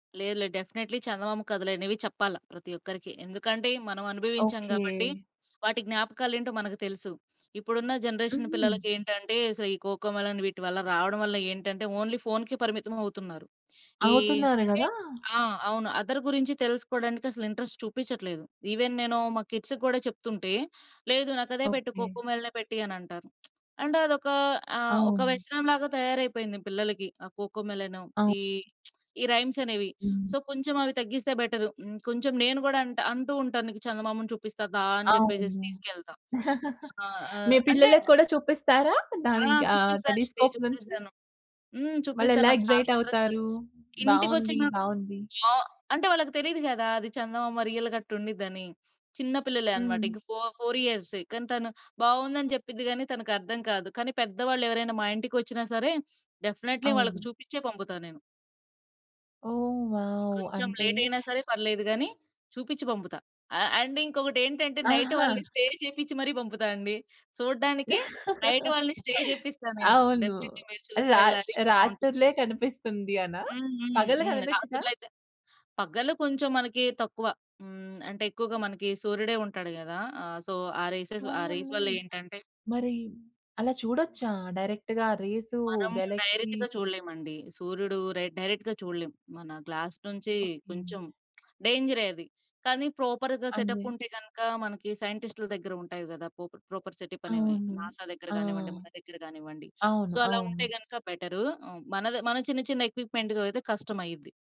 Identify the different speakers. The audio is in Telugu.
Speaker 1: లేదు. లేదు. డెఫినెట్లీ చందమామ కథలనేవి చెప్పాల ప్రతి ఒక్కరికి. ఎందుకంటే మనం అనుభవించాం
Speaker 2: ఓకే.
Speaker 1: గాబట్టి, వాటి జ్ఞాపకాలేంటో మనకు తెలుసు. ఇప్పుడున్న జనరేషన్
Speaker 2: హుహు.
Speaker 1: పిల్లలకేంటంటే, అసలు ఈ కోకో మెలన్ వీటివల్ల రావడం వల్ల ఏంటంటే ఓన్లీ ఫోనుకే పరిమితమవుతున్నారు. ఈ
Speaker 2: అవుతున్నారు
Speaker 1: అంటే
Speaker 2: గదా!
Speaker 1: ఆ! అవును. అదర్ గురించి తెలుసుకోవడానికి అసలు ఇంట్రెస్ట్ చూపిచ్చట్లేదు. ఈవెన్ నేను మా కిడ్స్‌కి గూడా చెప్తుంటే, "లేదు నాకదే పెట్టు.
Speaker 2: ఓకే.
Speaker 1: కోకో మెలనె పెట్టియి" అనంటారు. అంటే అదొక ఆహ్, ఒక
Speaker 2: అవును.
Speaker 1: వ్యసనం లాగా తయారైపోయింది పిల్లలకి ఆ కోకో మెలను.
Speaker 2: అవ్
Speaker 1: ఈ ఈ రైమ్స్ అనేవి.
Speaker 2: హ్మ్.
Speaker 1: సో, కొంచెం అవి తగ్గిస్తే బెటర్. హ్మ్. కొంచెం నేను గూడా అంట అంటూ ఉంటాను, నీకు చందమామను చూపిస్తా దా! అని చెప్పేసేసి
Speaker 2: అవును.
Speaker 1: తీసుకెళ్తా. ఆ! ఆహ్,
Speaker 2: మీ
Speaker 1: అంటే
Speaker 2: పిల్లలకి కూడా చూపిస్తారా?
Speaker 1: ఆ!
Speaker 2: దానికి ఆహ్,
Speaker 1: చూపిస్తానండి.
Speaker 2: టెలిస్కోప్ నుంచి?
Speaker 1: చూపిస్తాను. హ్మ్. చూపిస్తాను.
Speaker 2: వాళ్ళెలా
Speaker 1: నాకు చాలా
Speaker 2: ఎక్స్‌సైట్
Speaker 1: ఇంట్రెస్ట్.
Speaker 2: అవుతారు? బావుంది.
Speaker 1: ఇంటికొచ్చిన
Speaker 2: బావుంది.
Speaker 1: ఆ! అంటే వాళ్ళకి తెలీదు గదా! అది చందమామ రియల్‌గ అట్టుండిద్దని, చిన్న పిల్లలే అన్నమాట.
Speaker 2: హుహు.
Speaker 1: ఇక ఫో ఫోర్ ఇయర్సే. కానీ తను బావుందని జెప్పిద్ది గానీ తనకర్థం కాదు. కానీ పెద్దవాళ్ళెవరైనా మా ఇంటికొచ్చినా సరే, డెఫినైట్లీ వాళ్ళకి
Speaker 2: అవును.
Speaker 1: చూపిచ్చే పంపుతా నేను.
Speaker 2: ఓహ్! వావ్!
Speaker 1: కొంచెం
Speaker 2: అంటే
Speaker 1: లేట్ అయినా సరే పర్లేదు గాని, చూపిచ్చి పంపుతా. అ అండ్ ఇంకొకటేంటంటే, నైట్
Speaker 2: ఆహా!
Speaker 1: వాళ్ళని స్టే చేపిచ్చి మరి పంపుతా అండి. చూడడానికే నైట్ వాళ్ళని స్టే జేపిస్తా నేను.
Speaker 2: అవును.
Speaker 1: డెఫినిట్లీ మీరు చూసి
Speaker 2: రా
Speaker 1: వెళ్ళాలి
Speaker 2: రాత్రులే
Speaker 1: బావుంటుందని.
Speaker 2: కనిపిస్తుంది అనా?
Speaker 1: హ్మ్. హ్మ్.
Speaker 2: పగలు
Speaker 1: హ్మ్.
Speaker 2: గనిపిచ్చదా?
Speaker 1: రాత్రులైతే పగలు కొంచెం మనకి తక్కువ హ్మ్, అంటే ఎక్కువగా మనకి సూర్యుడే ఉంటాడు గదా! ఆహ్, సో, ఆ రేసెస్ ఆ రేస్
Speaker 2: సూర్యున్ని
Speaker 1: వల్ల ఏంటంటే
Speaker 2: మరి అలా చూడొచ్చా? డైరెక్ట్‌‌గా రేసు
Speaker 1: మనం
Speaker 2: గెలాక్సీ?
Speaker 1: డైరెక్ట్‌గా చూడలేమండి. సూర్యుడు రె డైరెక్ట్‌గా చూడలేం. మన గ్లాస్ నుంచి
Speaker 2: ఓకే.
Speaker 1: కొంచెం డేంజరే అది. కానీ ప్రాపర్‌గా సెటప్
Speaker 2: అదే.
Speaker 1: ఉంటే గనక, మనకి సైంటిస్ట్‌ల దగ్గర ఉంటాయి గదా! పోప ప్రాపర్ సెటప్ అనేవి
Speaker 2: అవును.
Speaker 1: నాసా దగ్గర
Speaker 2: ఆ!
Speaker 1: గానివ్వండి, మన దగ్గర గానివ్వండి. సో
Speaker 2: అవును.
Speaker 1: అలా ఉంటే
Speaker 2: అవును.
Speaker 1: గనక, బెటరు ఆహ్, మనది మన చిన్న, చిన్న ఎక్విప్‌మెంట్ అయితే కష్టం అయ్యిద్ది.